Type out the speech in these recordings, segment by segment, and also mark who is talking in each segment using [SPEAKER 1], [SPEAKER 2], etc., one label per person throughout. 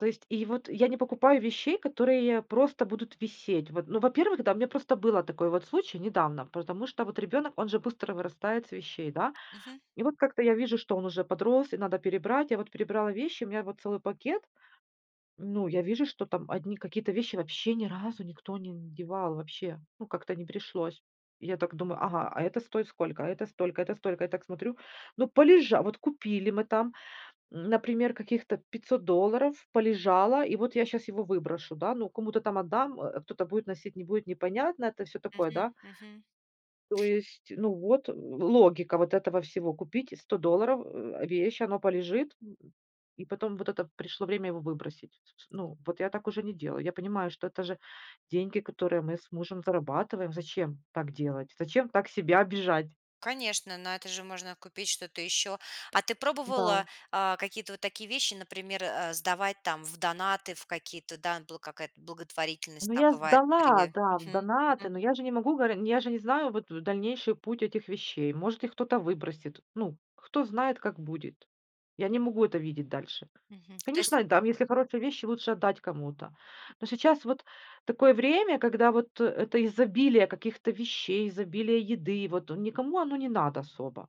[SPEAKER 1] То есть, и вот я не покупаю вещей, которые просто будут висеть. Вот, ну, во-первых, да, у меня просто был такой вот случай недавно, потому что вот ребёнок, он же быстро вырастает с вещей, да.
[SPEAKER 2] Мгм.
[SPEAKER 1] И вот как-то я вижу, что он уже подрос и надо перебрать. Я вот перебрала вещи, у меня вот целый пакет. Ну, я вижу, что там одни какие-то вещи вообще ни разу никто не надевал, вообще, ну, как-то не пришлось. И я так думаю: "Ага, а это стоит сколько, а это столько, это столько". Я так смотрю, ну полежа вот купили мы там, м, например, каких-то 500 долларов полежало, и вот я щас его выброшу, да, ну кому-то там отдам, э, кто-то будет носить, не будет, непонятно, это всё такое, да.
[SPEAKER 2] Мгм, мгм.
[SPEAKER 1] То есть, ну вот логика вот этого всего: купить за 100 долларов, э, вещь, оно полежит, м, и потом вот это пришло время его выбросить с с Ну, вот я так уже не делаю. Я понимаю, что это же деньги, которые мы с мужем зарабатываем. Зачем так делать? Зачем так себя обижать?
[SPEAKER 2] Конечно, на это же можно купить что-то ещё. А ты пробовала,
[SPEAKER 1] Да.
[SPEAKER 2] а, какие-то вот такие вещи, например, э, сдавать там в донаты, в какие-то да н бл какая-то благотворительность
[SPEAKER 1] Ну,
[SPEAKER 2] там
[SPEAKER 1] я
[SPEAKER 2] бывает
[SPEAKER 1] сдала,
[SPEAKER 2] при
[SPEAKER 1] да, в
[SPEAKER 2] мгм
[SPEAKER 1] донаты,
[SPEAKER 2] мгм.
[SPEAKER 1] но я же не могу горе я же не знаю, вот, дальнейший путь этих вещей. Может, их кто-то выбросит. Ну, кто знает, как будет? Я не могу это видеть дальше.
[SPEAKER 2] Мгм, то есть.
[SPEAKER 1] Конечно, там, если хорошие вещи, лучше отдать кому-то. Но сейчас вот такое время, когда вот это изобилие каких-то вещей, изобилие еды, вот никому оно не надо особо.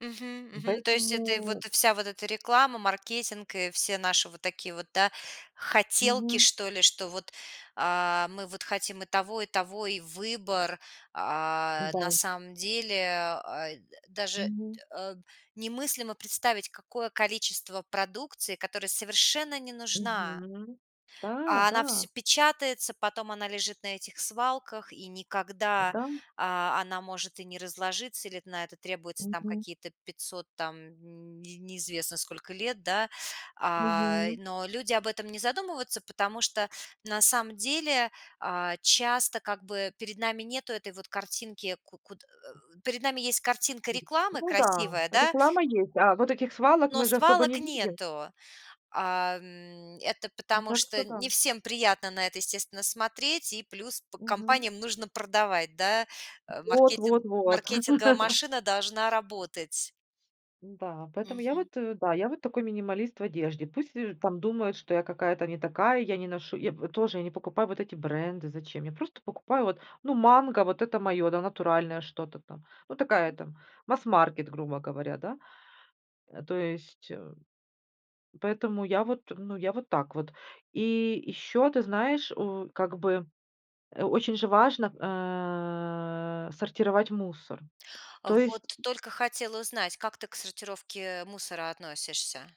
[SPEAKER 2] Мгм,
[SPEAKER 1] М,
[SPEAKER 2] мгм, то есть это и
[SPEAKER 1] поэтому
[SPEAKER 2] вот вся вот эта реклама, маркетинг и все наши вот такие вот, да, хотелки,
[SPEAKER 1] Мгм.
[SPEAKER 2] что ли, что вот, а, мы вот хотим и того, и того, и выбор. А, на
[SPEAKER 1] Да.
[SPEAKER 2] самом деле, а, д э, даже, дэ
[SPEAKER 1] Мгм.
[SPEAKER 2] э, немыслимо представить, какое количество продукции, которая совершенно не нужна.
[SPEAKER 1] Мгм. Да,
[SPEAKER 2] А она всё
[SPEAKER 1] да.
[SPEAKER 2] печатается, потом она лежит на этих свалках, и никогда,
[SPEAKER 1] Да.
[SPEAKER 2] а, она может и не разложиться, или на это требуется там
[SPEAKER 1] Мгм.
[SPEAKER 2] какие-то 500 там нь не неизвестно сколько лет, да. Ай,
[SPEAKER 1] Мгм.
[SPEAKER 2] но люди об этом не задумываются, потому что на самом деле, а, часто как бы перед нами нету этой вот картинки ку куд э перед нами есть картинка рекламы
[SPEAKER 1] Ну да,
[SPEAKER 2] красивая, да.
[SPEAKER 1] реклама есть, да. Вот этих свалок
[SPEAKER 2] Но
[SPEAKER 1] мы же особо
[SPEAKER 2] свалок
[SPEAKER 1] не видим.
[SPEAKER 2] нету. А, м, это потому
[SPEAKER 1] Да,
[SPEAKER 2] что
[SPEAKER 1] кто
[SPEAKER 2] не
[SPEAKER 1] там?
[SPEAKER 2] всем приятно на это, естественно, смотреть, и плюс по
[SPEAKER 1] Мгм.
[SPEAKER 2] компаниям нужно продавать, да, э,
[SPEAKER 1] Вот
[SPEAKER 2] маркетинг,
[SPEAKER 1] вот вот.
[SPEAKER 2] маркетинговая машина должна работать.
[SPEAKER 1] Н-да, поэтому я
[SPEAKER 2] Мгм.
[SPEAKER 1] вот, э, да, я вот такой минималист в одежде. Пусть там думают, что я какая-то не такая, я не ношу Я во тоже я не покупаю вот эти бренды. Зачем? Я просто покупаю вот, ну, "Манго", вот это моё, да, натуральное что-то там. Ну, такая
[SPEAKER 2] Мгм.
[SPEAKER 1] там, масс-маркет, грубо говоря, да. Э, то есть, э, поэтому я вот, ну, я вот так вот. И ещё, ты знаешь, у, как бы, э, очень же важно, э, сортировать мусор.
[SPEAKER 2] А,
[SPEAKER 1] То
[SPEAKER 2] вот
[SPEAKER 1] есть
[SPEAKER 2] только хотела узнать, как ты к сортировке мусора относишься?